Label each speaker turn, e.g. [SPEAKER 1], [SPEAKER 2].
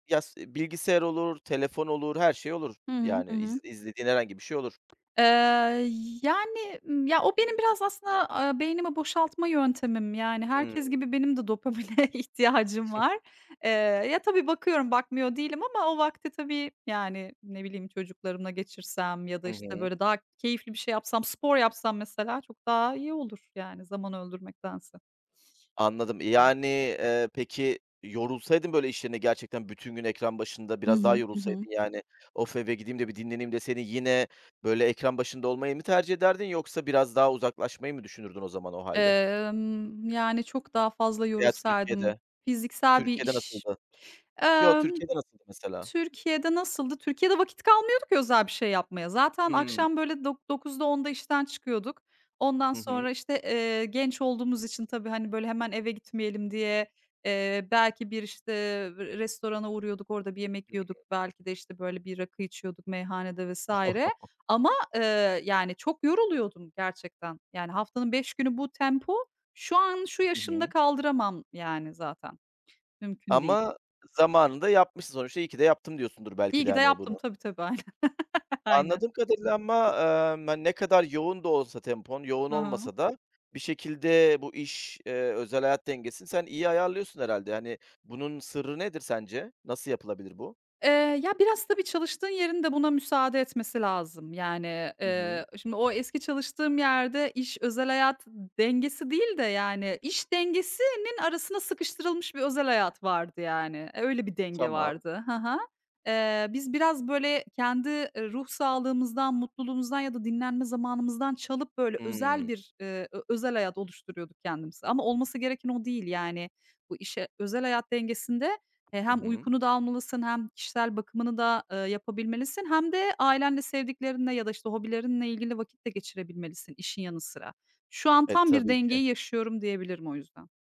[SPEAKER 1] Ya, s bilgisayar olur, telefon olur, her şey olur.
[SPEAKER 2] Hı hı, hı
[SPEAKER 1] Yani, iz
[SPEAKER 2] hı.
[SPEAKER 1] izlediğin herhangi bir şey olur.
[SPEAKER 2] Eee, yani, ımm, ya, o benim biraz aslında, aaa, beynimi boşaltma yöntemim. Yani, herkes
[SPEAKER 1] Hıı.
[SPEAKER 2] gibi benim de dopamine ihtiyacım var. Eee, ya, tabii, bakıyorum, bakmıyor değilim ama o vakti tabii, yani, ne bileyim, çocuklarımla geçirsem ya da,
[SPEAKER 1] Hı
[SPEAKER 2] işte,
[SPEAKER 1] hı.
[SPEAKER 2] böyle, daha keyifli bir şey yapsam, spor yapsam, mesela, çok daha iyi olur, yani, zaman öldürmektense.
[SPEAKER 1] Anladım. Yani, eee, peki, yorulsaydın, böyle, iş yerinde gerçekten bütün gün ekran başında,
[SPEAKER 2] Hı
[SPEAKER 1] biraz daha
[SPEAKER 2] hı, hı hı.
[SPEAKER 1] yorulsaydın, yani, "Of, eve gideyim de bir dinleneyim." deseydin yine, böyle, ekran başında olmayı mı tercih ederdin yoksa biraz daha uzaklaşmayı mı düşünürdün o zaman, o hâlde.
[SPEAKER 2] Emm, yani, çok daha fazla
[SPEAKER 1] Veya
[SPEAKER 2] yorulsaydım.
[SPEAKER 1] Türkiye'de,
[SPEAKER 2] Fiziksel bir
[SPEAKER 1] Türkiye'de
[SPEAKER 2] iş.
[SPEAKER 1] nasıldı? Yo,
[SPEAKER 2] Emm,
[SPEAKER 1] Türkiye'de nasıldı, mesela?
[SPEAKER 2] Türkiye'de nasıldı? Türkiye'de vakit kalmıyordu ki özel bir şey yapmaya. Zaten
[SPEAKER 1] Hıı.
[SPEAKER 2] akşam, böyle, dok dokuzda, 10’da işten çıkıyorduk. Ondan
[SPEAKER 1] Hı hı.
[SPEAKER 2] sonra, işte, eee, genç olduğumuz için tabii, hani, böyle, hemen eve gitmeyelim diye, eee, belki bir, işte, ev restorana uğruyorduk, orada bir yemek yiyorduk. Belki de, işte, böyle, bir rakı içiyorduk meyhanede vs. ama, eee, yani, çok yoruluyordum gerçekten. Yani, haftanın 5 günü bu tempo, şu an şu
[SPEAKER 1] Hı
[SPEAKER 2] yaşımda
[SPEAKER 1] hı.
[SPEAKER 2] kaldıramam, yani, zaten. Mümkün değil.
[SPEAKER 1] Ama zamanında yapmışsın sonuçta, "iyi ki de yaptım," diyorsundur
[SPEAKER 2] İyi
[SPEAKER 1] belki de,
[SPEAKER 2] ki de
[SPEAKER 1] hani,
[SPEAKER 2] yaptım.
[SPEAKER 1] bunu.
[SPEAKER 2] Tabii, tabii, aynen. Aynen.
[SPEAKER 1] Anladığım kadarıyla ama, emm, hani, ne kadar yoğun da olsa tempon, yoğun
[SPEAKER 2] Hı hı.
[SPEAKER 1] olmasa da bir şekilde bu iş, eee, özel hayat dengesini sen iyi ayarlıyorsun, herhâlde. Yani, bunun sırrı nedir sence? Nasıl yapılabilir bu?
[SPEAKER 2] Eee, ya, biraz tabii çalıştığın yerin de buna müsaade etmesi lazım. Yani,
[SPEAKER 1] Hı hı.
[SPEAKER 2] eee, şimdi o eski çalıştığım yerde iş özel hayat dengesi değil de, yani, iş dengesinin arasına sıkıştırılmış bir özel hayat vardı, yani. Öyle bir denge
[SPEAKER 1] Tamam.
[SPEAKER 2] vardı. Hı hı. Eee, biz biraz, böyle, kendi ruh sağlığımızdan, mutluluğumuzdan ya da dinlenme zamanımızdan çalıp, böyle, özel
[SPEAKER 1] Hıı.
[SPEAKER 2] bir, eee, ö özel hayat oluşturuyorduk kendimize. Ama olması gereken o değil, yani, bu işe Özel hayat dengesinde, e,
[SPEAKER 1] Hı
[SPEAKER 2] hem
[SPEAKER 1] hı.
[SPEAKER 2] uykunu da almalısın hem kişisel bakımını da, eee, yapabilmelisin hem de ailenle, sevdiklerinle ya da, işte, hobilerinle ilgili vakit de geçirebilmelisin işin yanı sıra. Şu an
[SPEAKER 1] E,
[SPEAKER 2] tam bir
[SPEAKER 1] tabii ki.
[SPEAKER 2] dengeyi yaşıyorum, diyebilirim o yüzden.